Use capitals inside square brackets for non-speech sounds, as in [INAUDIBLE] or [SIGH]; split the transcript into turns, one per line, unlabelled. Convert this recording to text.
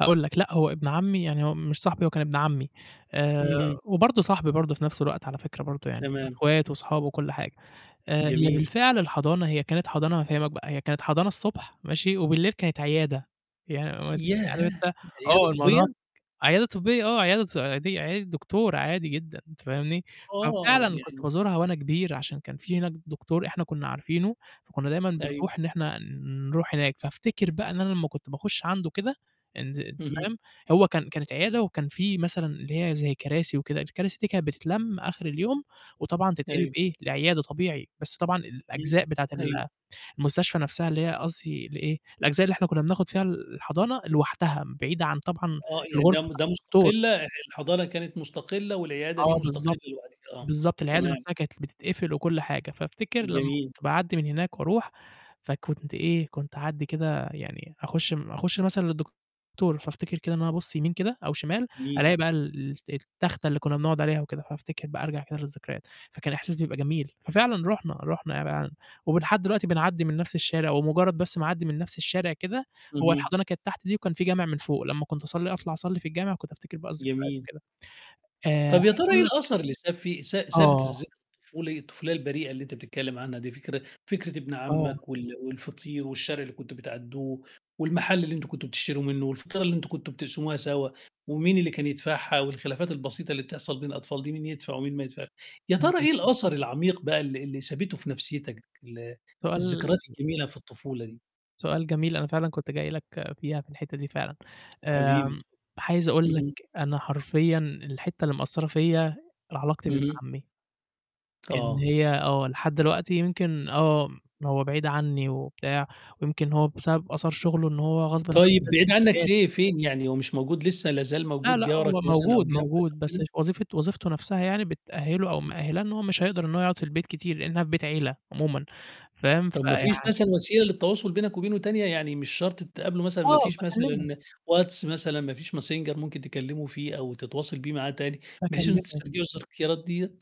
هاقول لك لأ، هو ابن عمّي يعني هو مش صاحبي هو كان ابن عمّي آآ
اهم.
وبرضه صاحبي برضه في نَفْس الوقت على فكرة برضه يعني، إحنا
تمام.
أخوات وأصحابه وكل حاجة آآ هي
جميل.
بالفعل الحضانة هي كانت حضانة هافهِّمك بقى هي كانت حضانة الصبح ماشي وبالليل كانت عيادة. يعني [UNINTELLIGIBLE] عارف
ياه!
أنت
عيادة
آه، [UNINTELLIGIBLE]
طبية؟!
عيادة طبية آه، عيادة ط عادية عيادة دكتور عادي جدًا أنت فاهمني،
آه،
ففعلًا كنت
يعني
بازورها وأنا كبير عشان كان في هناك دكتور إحنا كنّا عارفينه فكنّا دايمًا
أيوه.
بنروح إن إحنا نروح هناك، فافتكر بقى إن أنا لمّا كنت باخُش عنده كده أند أنت
اهم.
فاهم، هو كان كانت عيادة وكان في مثلًا اللي هي زي كراسي وكده الكراسي دي كانت بتتلَم آخِر اليوم وطبعًا تتقلب
أيوه.
إيه، لعيادة طبيعي بس طبعًا
إمم،
الأجزاء بتاعة
أيوه.
ال المستشفى نَفْسها اللي هي قصدي اللي إيه، الأجزاء اللي إحنا كنّا بناخُد فيها ال الحضانة لوحدها م بعيدة عن طبعًا
آه، يعني ده
الغرفة
م
بتاعة
ده
الدكتور.
مستقلّة الحضانة كانت مستقلّة والعيادة دي
آه،
مستقلّة
بالضبط،
لوحديك آه،
بالضبط، العيادة
تمام.
نَفْسها كانت ل بتتقفل وكل حاجة، فافتكر لمّا
جميل.
كنت باعدّي من هناك وأروح فكنت إيه، كنت اعدّي كده يعني أخُش م أخُش مثلًا للدكتور فافتكر كده إن أنا أبُصّ يمين كده أو شمال
جميل.
ألاقي بقى ال ال التخته اللي كنّا بنقعُد عليها وكده، فافتكر بقى أرجع كده للذكريات فكان إحساس بيبقى جميل، ففعلًا رُحنا رُحنا [UNINTELLIGIBLE] ولحد دلوقتي بنعدّي من نَفْس الشارع ومُجرّد بس ما أعدّي من نَفْس الشارع كده هو
اهم.
الحضانة كانت تحت دي وكان في جامع من فوق لمّا كنت أصلّي أطلع أصلّي في الجامع كنت أفتكر بقى الذكريات
جميل.
كده. آآ عايز
طَب يا ترى إيه
أقول لك
الأثر اللي ساب فيه س سابت
آه.
الذ الطفولي الطفولية البريئة اللي أنت بتتكلّم عنها دي فكر فكرة ابن
آه.
عمّك وال والفطير والشارع اللي كنتم بتعدّوه والمحل اللي أنتم كنتم بتشتروا منّه والفطيرة اللي أنتم كنتم بتقسموها سوى ومين اللي كان يدفعها والخلافات البسيطة اللي بتحصل بين الأطفال دي مين يدفع ومين ما يدفع يا ترى
اهم.
إيه الأثر العميق بقى اللي اللي سابته في نَفْسيتك ال
سؤال
الذكريات الجميلة في الطفولة دي؟
سؤال جميل أنا فعلًا كنت جاي لك فيها، في الحتّة دي فعلًا
حبيبي،
آمم، عايز أقول لك،
اهم.
أنا حرفيًا الحتّة اللي مأثّرة فيَّ ال علاقتي بابن
اهم.
عمّي إن
آه.
هي آه، لحد دلوقتي يمكن آه، م هو بعيد عنّي وبتاع ويمكن هو بسبب أثر شُغله إن هو غصبٍ عنّه
طيب
لازم
بعيد عنّك
[UNINTELLIGIBLE]
ليه، فين يعني هو مش موجود لسه، لا زال
لأ،
موجود
لأ، هو
جارك مثلًا أو
موجود،
جنبك
موجود
أو
بس في
كده؟
وظيفة وظيفته نَفْسها يعني بتأهِّله أو مِأهِّلاه إن هو مش هيقدر إن هو يقعُد في البيت كتير، لإنها في بيت عيلة عمومًا فاهم.
طَب ما
فيعني
فيش مثلًا وسيلة للتواصل بينك وبينه تانية، يعني مش شرط تتقابلوا مثلًا ما
آه،
فيش
باكلِّمه.
مثلًا واتس مثلًا، ما فيش ماسنجرممكن تكلّمه فيه أو تتواصل بيه معاه تاني بحيث إنّكم
باكلِّمه.
تسترجعوا التذكيرات دِيّة؟